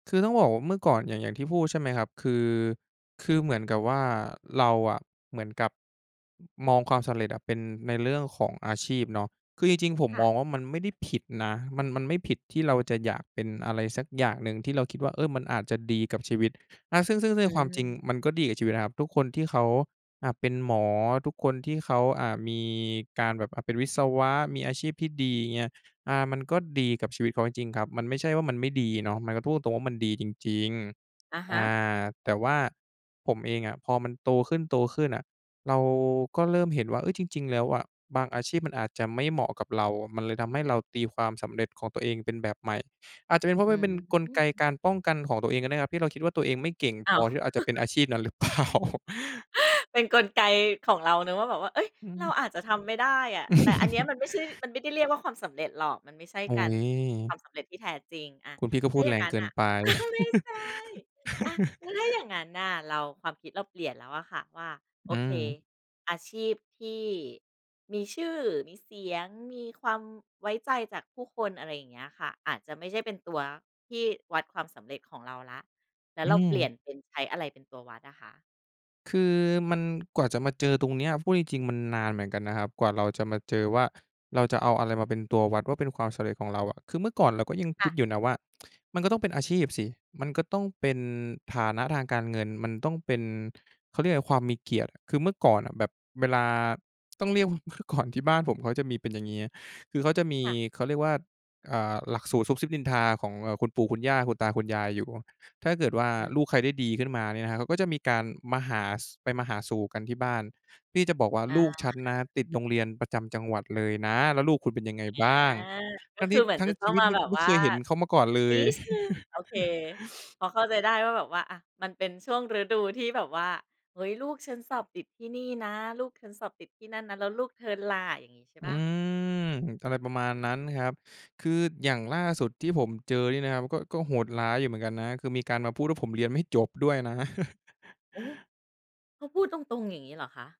คือ ต้องบอกว่าเมื่อก่อนอย่าง อย่างที่พูดใช่ไหมครับ? คือ คือเหมือนกับว่าเราอะ เหมือนกับ มองความสำเร็จอะเป็นในเรื่องของอาชีพเนาะ คือจริง ๆ ผมค่ะ มองว่า มันไม่ได้ผิดนะ มัน มันไม่ผิดที่เราจะอยากเป็นอะไรสักอย่างหนึงที่เราคิดว่า เออ มันอาจจะดีกับชีวิต แล้วซึ่ง ซึ่ง ซึ่งอในืความจริงม มันก็ดีกับชีวิตนะครับ ทุกคนที่เขา อะ เป็นหมอ ทุกคนที่เขา อะ มีการแบบ อะ เป็นวิศวะ มีอาชีพที่ดีเงี้ย อา มันก็ดีกับชีวิตเขาจริง ๆ ครับ มันไม่ใช่ว่ามันไม่ดีเนาะ มันก็พูดตรง ๆ ว่ามันดีจริง อะๆ ฮอ่ะ า แต่ว่าผมเองอะ พอมันโตขึ้น ๆ อะ เราก็เริ่มเห็นว่า เฮ้ย จริง ๆ แล้วอะ บางอาชีพมันอาจจะไม่เหมาะกับเรา มันเลยทำให้เราตีความสำเร็จของตัวเองเป็นแบบใหม่ อาจจะเป็น เพราอะืมันเป็นกลไกม การป้องกันของตัวเองก็ได้นะครับ ที่เราคิดว่าตัวเองไม่เก่งอพ้าอว ที่เราจะเป็นอาชีพนั้นหรือ เปล่า? เป็นกลไกของเรานะว่าแบบว่า เฮ้ย อืเราม อาจจะทำไม่ได้อะ แต่อันเนี้ยมันไม่ใช่ มันไม่ได้เรียกว่าความสำเร็จหรอก มันไม่ใช่อุ๊การ ย ความสำเร็จที่แท้จริงอะ คุณพี่ก็ถ้พูาดอย่แารงงงั้นเกินน่ะ ไป อ้าว ไม่ใช่ อะ แล้วถ้า อย่างนั้นน่ะ เรา ความคิดเราเปลี่ยนแล้วอะค่ะว่า โออืเค ม อาชีพที่มีชื่อ มีเสียง มีความไว้ใจจากผู้คน อะไรอย่างเงี้ยค่ะ อาจจะไม่ใช่เป็นตัวที่วัดความสำเร็จของเราแล้ว แล้วอืเราเปลีม ่ยนเป็นใช้อะไรเป็นตัววัดอะค่ะ? คือ มัน กว่าจะมาเจอตรงเนี้ย พูดจริง ๆ มันนานเหมือนกันนะครับ กว่าเราจะมาเจอว่าเราจะเอาอะไรมาเป็นตัววัดว่าเป็นความสำเร็จของเราอะ คือเมื่อก่อนเราก็ยังคค่ิะ ดอยู่นะว่า มันก็ต้องเป็นอาชีพสิ มันก็ต้องเป็นฐานะทางการเงิน มันต้องเป็น เขาเรียก ความมีเกียรติอะ คือเมื่อก่อนแบบเวลา ต้องเรียกว่า เมื่อก่อนที่บ้านผมเขาจะมีเป็นอย่างงี้ คือเขาจะมี ค่ะ เขาเรียกว่า อ่า หลักสูตรซุบซิบนินทาของเหล่าคุณปู่ คุณย่า คุณตา คุณยายอยู่ ถ้าเกิดว่า อืม ลูกใครได้ดีขึ้นมาเนี่ยนะครับ เขาก็จะมีการมาหา ส ไปมาหาสู่กันที่บ้าน นี่จะบอกว่าอา ลูกคฉ่ันนะ ะ ติดโรงเรียนประจำจังหวัดเลยนะ แล้วลูกคุณเป็นยังไงอา บ้าง? กทั็้งคทืี่ อเหมือทนั้จงะตช้อีงวิตมานี้แบกูบไม่วเ่คา ยเห็นเขามาก่อนเลนิย ดหนึ่ง โอเค พอเข้าใจได้ว่าแบบว่า อะ มันเป็นช่วงฤดูที่แบบว่า เฮ้ย ลูกฉันสอบติดที่นี่นะ ลูกฉันสอบติดที่นั่นนะ แล้วลูกเธอล่ะอย่างงี้ใช่อเืปล่า? ม อะไรประมาณนั้นครับ คือออย่างืม ล่าสุดที่ผมเจอเนี่ยนะครับก็ ก็โหดร้ายอยู่เหมือนกันนะ คือ มีการมาพูดว่า ผมเรียนไม่จบด้วยนะ โอ้ เขาพูดตรง ๆ อย่างงี้เหรอคะ?